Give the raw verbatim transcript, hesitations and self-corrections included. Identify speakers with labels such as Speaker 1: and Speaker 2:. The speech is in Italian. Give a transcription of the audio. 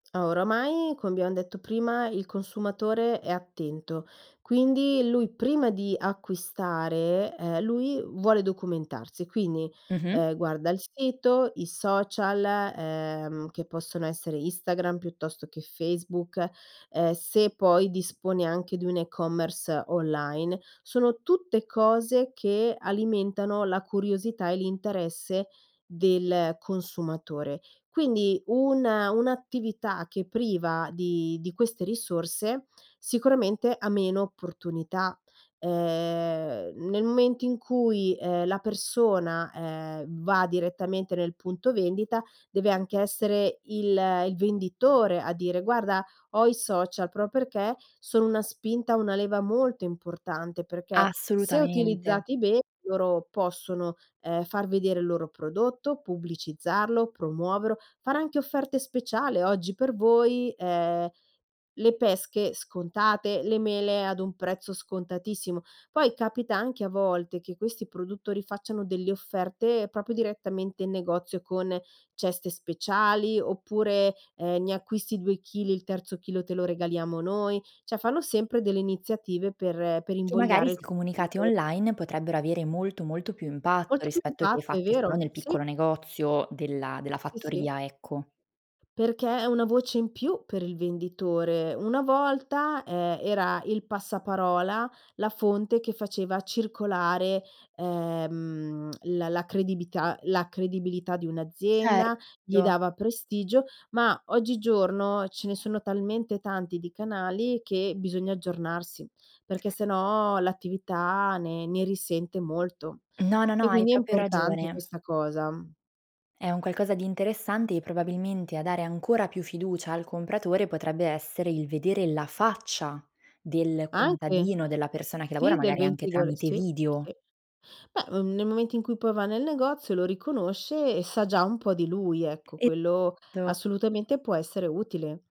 Speaker 1: Oramai, come abbiam detto prima, il consumatore è attento. Quindi lui prima di acquistare, ehm, lui vuole documentarsi. Quindi,
Speaker 2: Mh-mh.
Speaker 1: ehm, guarda il sito, i social, ehm, che possono essere Instagram piuttosto che Facebook, ehm, se poi disponi anche di un e-commerce online, sono tutte cose che alimentano la curiosità e l'interesse del consumatore. Quindi una un'attività che priva di di queste risorse, sicuramente ha meno opportunità. Ehm, nel momento in cui, ehm, la persona, ehm, va direttamente nel punto vendita deve anche essere il il venditore a dire: "Guarda, ho i social", pro perché sono una spinta, una leva molto importante, perché se
Speaker 2: Assolutamente.
Speaker 1: utilizzati bene, loro possono, ehm, far vedere il loro prodotto, pubblicizzarlo, promuovero, fare anche offerte speciali: "Oggi per voi, ehm, le pesche scontate, le mele ad un prezzo scontatissimo." Poi capita anche a volte che questi produttori, facciano delle offerte propio direttamente in negozio con ceste speciali, oppure, ehm: "Ne acquisti due chili, il terzo chilo te lo regaliamo noi"; ceh fanno sempre delle iniziative per per
Speaker 2: Che magari,
Speaker 1: invogliare il
Speaker 2: se comunicate
Speaker 1: consumato
Speaker 2: online, potrebbero avere molto, molto più impatto,
Speaker 1: Molto più
Speaker 2: rispetto che
Speaker 1: impatto, è
Speaker 2: fatti solo
Speaker 1: vero,
Speaker 2: nel
Speaker 1: sì.
Speaker 2: piccolo negozio della della
Speaker 1: Sì, sì.
Speaker 2: fattoria, ecco.
Speaker 1: Perché, è una voce in più per il venditore. Una volta, ehm, era il passaparola, la fonte che faceva circolare, ehm, la la credibità la credibilità di un'azienda, gli
Speaker 2: Certo.
Speaker 1: dava prestigio; ma oggigiorno, ce ne sono talmente tanti di canali, che bisogna aggiornarsi, perché se no l'attività, ne ne risente molto;
Speaker 2: No, no, no,
Speaker 1: e
Speaker 2: hai
Speaker 1: quindi è
Speaker 2: propio
Speaker 1: importante
Speaker 2: ragione.
Speaker 1: questa cosa.
Speaker 2: È un qualcosa di interessante, e probabilmente a dare ancora più fiducia al compratore, potrebbe essere il vedere la faccia del
Speaker 1: Anche.
Speaker 2: contadino, della persona che lavora,
Speaker 1: Sì, del
Speaker 2: magari anche
Speaker 1: ventitore,
Speaker 2: tramite
Speaker 1: sì,
Speaker 2: video.
Speaker 1: sì. Beh, ehm, nel momento in cui poi va nel negozio, lo riconosce e sa già un po' di lui, ecco,
Speaker 2: E
Speaker 1: quello
Speaker 2: to.
Speaker 1: assolutamente può essere utile.